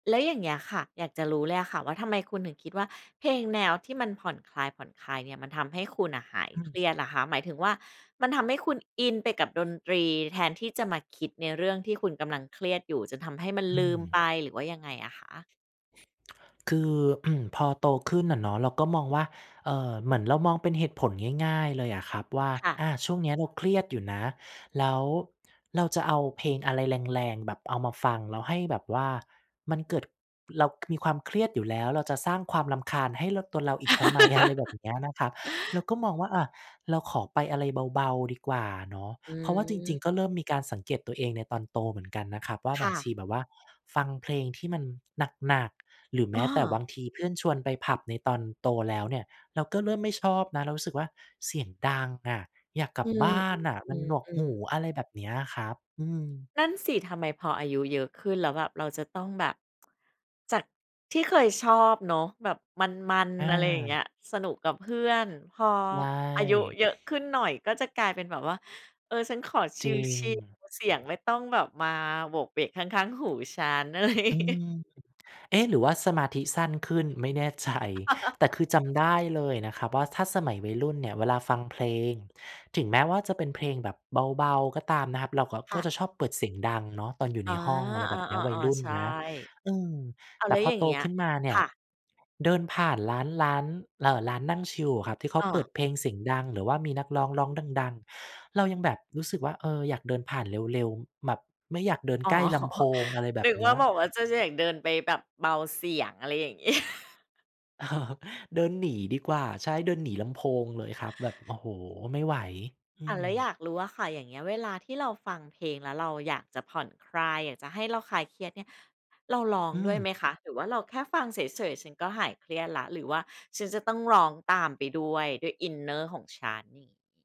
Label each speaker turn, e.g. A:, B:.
A: แล้วอย่างเงี้ยค่ะ อยากจะรู้เลยอะค่ะว่าทำไมคุณถึงคิดว่าเพลงแนวที่มันผ่อนคลาย ๆ เนี่ย มันทำให้คุณน่ะหาย
B: อื
A: เค
B: ม
A: รียดล่ะคะ หมายถึงว่ามันทำให้คุณอินไปกับดนตรี แทนที่จะมาคิดในเรื่องที่คุณกำลังเครียดอยู่ จนทำให้มัน
B: อื
A: ลื
B: ม
A: มไป หรือว่ายังไงอะคะ?
B: คือ พอโตขึ้นอะเนาะ เราก็มองว่า เอ่อ เหมือนเรามองเป็นเหตุผลง่าย ๆ เลยอะครับว่า
A: ค่ะ
B: อ่า ช่วงนี้เราเครียดอยู่นะ แล้วเราจะเอาเพลงอะไรแรง ๆ แบบเอามาฟัง แล้วให้แบบว่ามันเกิด เรา มีความเครียดอยู่แล้ว เราจะสร้างความรำคาญให้เรา ตัวเราอีกทำไม อะไรแบบเนี้ยนะครับ เราก็มองว่า อา เราขอไปอะไรเบา ๆ ดีกว่าเนาะ
A: อ
B: เพราะว่าจริง
A: ืม
B: ๆ ก็เริ่มมีการสังเกตตัวเองในตอนโตเหมือนกันนะครับ ว่า
A: ค
B: บา
A: ่
B: งชี
A: ะ
B: แบบว่าฟังเพลงที่มันหนัก ๆ หรือแม
A: อ้
B: ้แต่บ
A: อ
B: างทีเพื่อนชวนไปผับในตอนโตแล้วเนี่ย เราก็เริ่มไม่ชอบนะ เรารู้สึกว่าเสียงดังอะ อยากกล
A: อ
B: ั
A: ื
B: บบ้านน่ะ มัน
A: ม
B: หนวกหู
A: ๆ ๆ ๆ
B: อะไรแบบเนี้ยอะครับ อืม
A: นั่นสิ ทำไมพออายุเยอะขึ้นแล้ว แบบเราจะต้องแบบ จากที่เคยชอบเนาะ แบบมัน
B: อ
A: ๆ อะไรอย่างเง
B: า
A: ี้ย สนุกกับเพื่อน พอ
B: ว่า
A: อาย
B: ย
A: ุเยอะขึ้นหน่อย ก็จะกลายเป็นแบบว่า เออ ฉันขอช
B: จ
A: ิ
B: ร
A: ล
B: ิง
A: ๆ เสียงไม่ต้องแบบมาโหวกเหวกข้าง ๆ หูฉัน อะไรอย่า
B: อื
A: งงี้
B: ม เอ๊ะ หรือว่าสมาธิสั้นขึ้น ไม่แน่ ใจ แต่คือจำได้เลยนะครับ ว่าถ้าสมัยวัยรุ่นเนี่ยเวลาฟังเพลง ถึงแม้ว่าจะเป็นเพลงแบบเบา ๆ ก็ตามนะครับ เรา ก
A: ค
B: ก
A: ่
B: ็จ
A: ะ
B: ะชอบเปิดเสียงดังเนาะ ตอนอยู่ใ
A: อ
B: น
A: า
B: ห้อง อะไรแบบเนี้ย วั
A: อ
B: ย
A: า
B: ร
A: ๆ
B: ุ่น
A: ๆ ใช่
B: นะ อืม
A: อ้าว
B: แต่
A: แล้
B: พ
A: ว
B: อ
A: อย่า
B: โ
A: ง
B: ต
A: เงี้ย
B: ขึ้นมาเนี
A: ค
B: ่ย
A: ่ะ
B: เดินผ่านร้าน ร้าน เอ่อ ร้านนั่งชิลอะครับ ที่เขา
A: อ้
B: เปิ
A: อ
B: ดเพลงเสียงดัง หรือว่ามีนักร้องร้องดัง ๆ เรายังแบบรู้สึกว่า เอ่อ อยากเดินผ่านเร็ว ๆ แบบไม่อยากเดิน
A: อ๋อ
B: ใกล้ลำโพง อะไรแบ
A: น
B: บ
A: ึก
B: เน
A: ว
B: ี
A: ่
B: ้
A: า
B: ย
A: บอกว่าจะอยากเดินไปแบบเบาเสียง อะไรอย่าง งี้
B: เดินหนีดีกว่า ใช่ เดินหนีลำโพงเลยครับ แบบ โอ้โฮ ไม่ไหว อื
A: อา แล้ว
B: ม
A: อยากรู้อะค่ะ อย่างเงี้ย เวลาที่เราฟังเพลง แล้วเราอยากจะผ่อนคลาย อยากจะให้เราคลายเครียดเนี่ย เราร้อง
B: อื
A: ด้วย
B: ม
A: ไหมคะ หรือว่าเราแค่ฟังเฉย ๆ ฉันก็หายเครียดแล้ว หรือว่าฉันจะต้องร้องตามไปด้วย ด้วยอินเนอร์ของฉัน อย่างงี้?